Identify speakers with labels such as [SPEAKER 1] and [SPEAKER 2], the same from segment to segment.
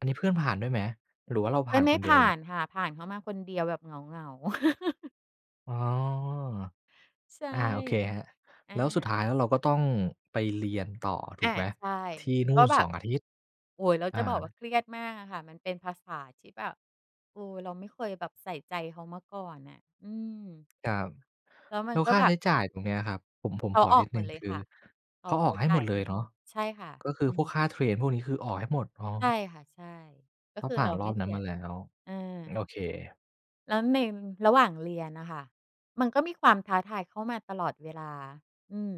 [SPEAKER 1] อันนี้เพื่อนผ่านด้วยไหม หรือว่าเรา
[SPEAKER 2] เ
[SPEAKER 1] ผ
[SPEAKER 2] พื
[SPEAKER 1] ่
[SPEAKER 2] ่อ
[SPEAKER 1] าน
[SPEAKER 2] นไม
[SPEAKER 1] ค
[SPEAKER 2] ่
[SPEAKER 1] น เดี
[SPEAKER 2] ผ
[SPEAKER 1] ยว
[SPEAKER 2] ่
[SPEAKER 1] เล
[SPEAKER 2] า
[SPEAKER 1] ย?
[SPEAKER 2] นค่ะ ผ่านเขามาคนเดียวแบบเหงา ๆ
[SPEAKER 1] อ๋อ
[SPEAKER 2] ใช่
[SPEAKER 1] อา โอเคครับ
[SPEAKER 2] อ
[SPEAKER 1] แล้วสุด
[SPEAKER 2] า
[SPEAKER 1] ท้ายแล้วเราก็ต้องไปเรียนต่อ ถู
[SPEAKER 2] อ
[SPEAKER 1] ก
[SPEAKER 2] า
[SPEAKER 1] ไหม?
[SPEAKER 2] ใช่
[SPEAKER 1] ที่นู่
[SPEAKER 2] ก็
[SPEAKER 1] น
[SPEAKER 2] แบ
[SPEAKER 1] สอ
[SPEAKER 2] บ
[SPEAKER 1] ง อาทิตย์
[SPEAKER 2] โอ๊ย เรา
[SPEAKER 1] อ
[SPEAKER 2] จะบอกว่า
[SPEAKER 1] า
[SPEAKER 2] เครียดมากอะค่ะ มันเป็นภาษาที่แบบ เออ เราไม่เคยแบบใส่ใจเขามาก่อนน่ะ อืม
[SPEAKER 1] ครับ
[SPEAKER 2] แล้วม
[SPEAKER 1] แ
[SPEAKER 2] ั
[SPEAKER 1] ล
[SPEAKER 2] น
[SPEAKER 1] ้ว
[SPEAKER 2] ก็
[SPEAKER 1] ค่า
[SPEAKER 2] แบ
[SPEAKER 1] ใช
[SPEAKER 2] บ
[SPEAKER 1] ้
[SPEAKER 2] เห
[SPEAKER 1] จ
[SPEAKER 2] มื
[SPEAKER 1] ่
[SPEAKER 2] อ
[SPEAKER 1] า
[SPEAKER 2] น
[SPEAKER 1] ยตรงนี้ครับ ผม ผม
[SPEAKER 2] เขา
[SPEAKER 1] ขอ
[SPEAKER 2] อ
[SPEAKER 1] น
[SPEAKER 2] อ
[SPEAKER 1] ิ
[SPEAKER 2] ก
[SPEAKER 1] ด
[SPEAKER 2] ห
[SPEAKER 1] ห
[SPEAKER 2] ม
[SPEAKER 1] นึ่
[SPEAKER 2] ด
[SPEAKER 1] ง
[SPEAKER 2] เล
[SPEAKER 1] ค
[SPEAKER 2] ย
[SPEAKER 1] ื
[SPEAKER 2] ค
[SPEAKER 1] อ
[SPEAKER 2] ่ะ เข
[SPEAKER 1] เข
[SPEAKER 2] า
[SPEAKER 1] าอ
[SPEAKER 2] เข
[SPEAKER 1] อ
[SPEAKER 2] า
[SPEAKER 1] กให้
[SPEAKER 2] จ
[SPEAKER 1] ห
[SPEAKER 2] ่
[SPEAKER 1] ม
[SPEAKER 2] า
[SPEAKER 1] ด
[SPEAKER 2] ย
[SPEAKER 1] เ
[SPEAKER 2] ใ
[SPEAKER 1] ล
[SPEAKER 2] ห้
[SPEAKER 1] ยเน
[SPEAKER 2] ห
[SPEAKER 1] า
[SPEAKER 2] ม
[SPEAKER 1] ะ?
[SPEAKER 2] ด ใช่ค่ะ
[SPEAKER 1] ก็คื
[SPEAKER 2] อื
[SPEAKER 1] อพวกค่า
[SPEAKER 2] ม
[SPEAKER 1] เทรนพวกนี้คือออกให้หมด อ๋อ
[SPEAKER 2] ใช่ค่ะ ใช่ ก็
[SPEAKER 1] ถ้า
[SPEAKER 2] คือ
[SPEAKER 1] ผ่
[SPEAKER 2] เ
[SPEAKER 1] า
[SPEAKER 2] รา
[SPEAKER 1] น ร
[SPEAKER 2] ไม
[SPEAKER 1] อ
[SPEAKER 2] ่
[SPEAKER 1] บ
[SPEAKER 2] เ
[SPEAKER 1] น
[SPEAKER 2] ส
[SPEAKER 1] ั้
[SPEAKER 2] ี
[SPEAKER 1] นม
[SPEAKER 2] ย
[SPEAKER 1] าแล้ว
[SPEAKER 2] อา
[SPEAKER 1] โอเค
[SPEAKER 2] แล้วในระหว่างเรียนอะค่ะ มันก็มีความท้าทายเข้ามาตลอดเวลา อืม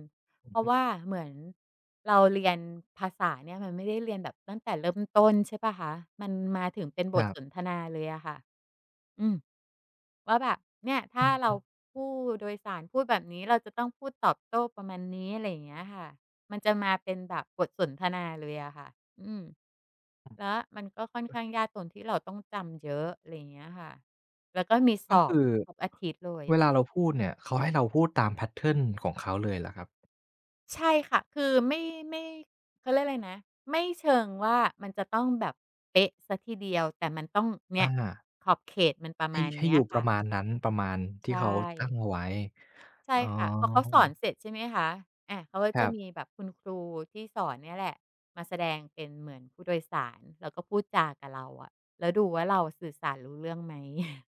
[SPEAKER 1] อื
[SPEAKER 2] เพ
[SPEAKER 1] อ
[SPEAKER 2] รา
[SPEAKER 1] ฮ
[SPEAKER 2] ะ
[SPEAKER 1] ึ
[SPEAKER 2] ว่าเหมือนเราเรียนภาษาเนี่ย มันไม่ได้เรียนแบบตั้งแต่เริ่ม ต้น ใช่เปล่าคะ มันมาถึงเป็นบ
[SPEAKER 1] คร
[SPEAKER 2] ท
[SPEAKER 1] ับ
[SPEAKER 2] สนทนาเลยอะค่ะ อืม ว่าแบบ เนี่ย ถ
[SPEAKER 1] อ
[SPEAKER 2] ้า
[SPEAKER 1] ือฮ
[SPEAKER 2] เรา
[SPEAKER 1] ี
[SPEAKER 2] ผู้โดยสารพูดแบบนี้ เราจะต้องพูดตอบโต้ประมาณนี้ อะไรอย่างเงี้ยอะค่ะ มันจะมาเป็นแบบบทสนทนาเลยอะค่ะ อืม และมันก็ค่อนข้างยากตรงที่เราต้องจำเยอะ อะไรอย่างเงี้ยค่ะ แล้วก็มี
[SPEAKER 1] ก
[SPEAKER 2] ส
[SPEAKER 1] ็
[SPEAKER 2] อ
[SPEAKER 1] ค
[SPEAKER 2] บ
[SPEAKER 1] ือ
[SPEAKER 2] ทุกอาทิตย์เล
[SPEAKER 1] เว
[SPEAKER 2] ย
[SPEAKER 1] ลาเราพูดเนี่ย เขาให้เราพูดตาม แพตเทิร์น ของเขาเลยเหรอครับ?
[SPEAKER 2] ใช่ค่ะ คือไม่ ไม่ เขาเรียกอะไรนะ ไม่เชิงว่ามันจะต้องแบบเป๊ะเสียทีเดียว แต่มันต้อง เนี
[SPEAKER 1] อ
[SPEAKER 2] ่ย
[SPEAKER 1] า
[SPEAKER 2] ขอบเขตมันประ
[SPEAKER 1] ให
[SPEAKER 2] ม
[SPEAKER 1] ้
[SPEAKER 2] าณ
[SPEAKER 1] ให้
[SPEAKER 2] นี้
[SPEAKER 1] อยู่ป
[SPEAKER 2] ค
[SPEAKER 1] ร
[SPEAKER 2] ่
[SPEAKER 1] ะ
[SPEAKER 2] ะ
[SPEAKER 1] มาณนั้น ประมาณท
[SPEAKER 2] ใช
[SPEAKER 1] ี่เขาตั้ง
[SPEAKER 2] ่
[SPEAKER 1] เอาไว้
[SPEAKER 2] ใช
[SPEAKER 1] อ
[SPEAKER 2] ่
[SPEAKER 1] ๋อ
[SPEAKER 2] ค่ะ พอเขาสอนเสร็จ ใช่ไหมคะ อา เขาก็
[SPEAKER 1] ค
[SPEAKER 2] จ
[SPEAKER 1] ร
[SPEAKER 2] ะ
[SPEAKER 1] ั
[SPEAKER 2] ม
[SPEAKER 1] บ
[SPEAKER 2] ีแบบคุณครูที่สอนเนี่ยแหละมาแสดงเป็นเหมือนผู้โดยสาร แล้วก็พูดจากับเราอะ แล้วดูว่าเราสื่อสารรู้เรื่องไหม?